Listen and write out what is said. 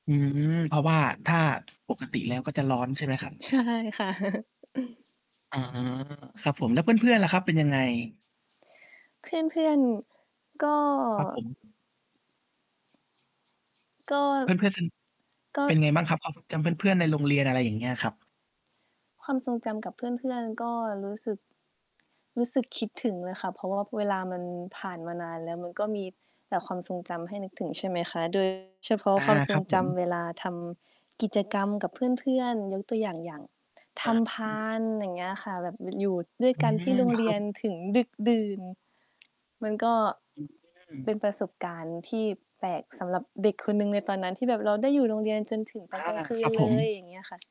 อืม เพราะว่าถ้าปกติแล้วก็จะร้อน ใช่ไหมครับ? ใช่ค่ะ อา ครับผม แล้วเพื่อน ๆ ล่ะครับ เป็นยังไง? เพื่อน ๆ ก็ ครับผม ก็ เพื่อน ๆ ส ก็ เป็นไงบ้างครับ? ความทรง จำเพื่อน ๆ ในโรงเรียน อะไรอย่างเงี้ยครับ ความทรงจำกับเพื่อน ๆ ก็รู้สึก รู้สึกคิดถึงเลยค่ะ เพราะว่าเวลามันผ่านมานานแล้ว มันก็มีแต่ความทรงจำให้นึกถึงใช่ไหมคะ โดย เฉพาะอา ความทรครังบผจม ำเวลาทำกิจกรรมกับเพื่อน ๆ ยกตัวอย่าง อย่างทอา ำพาน อย่างเงี้ยค่ะ แบบ ม อยู่ด้วยอืกันที่ม โรงคเรรัียบ นถึงดึกดื่น มันก็ อืเป็นอ ประสบการณ์ที่แปลกสำหรับเด็กคนหนึ่งในตอนนั้น ที่แบบเราได้อยู่โรงเรียนจนถึงตออนา กลางคืครนับเผลย ม อย่างเงี้ยค่ะ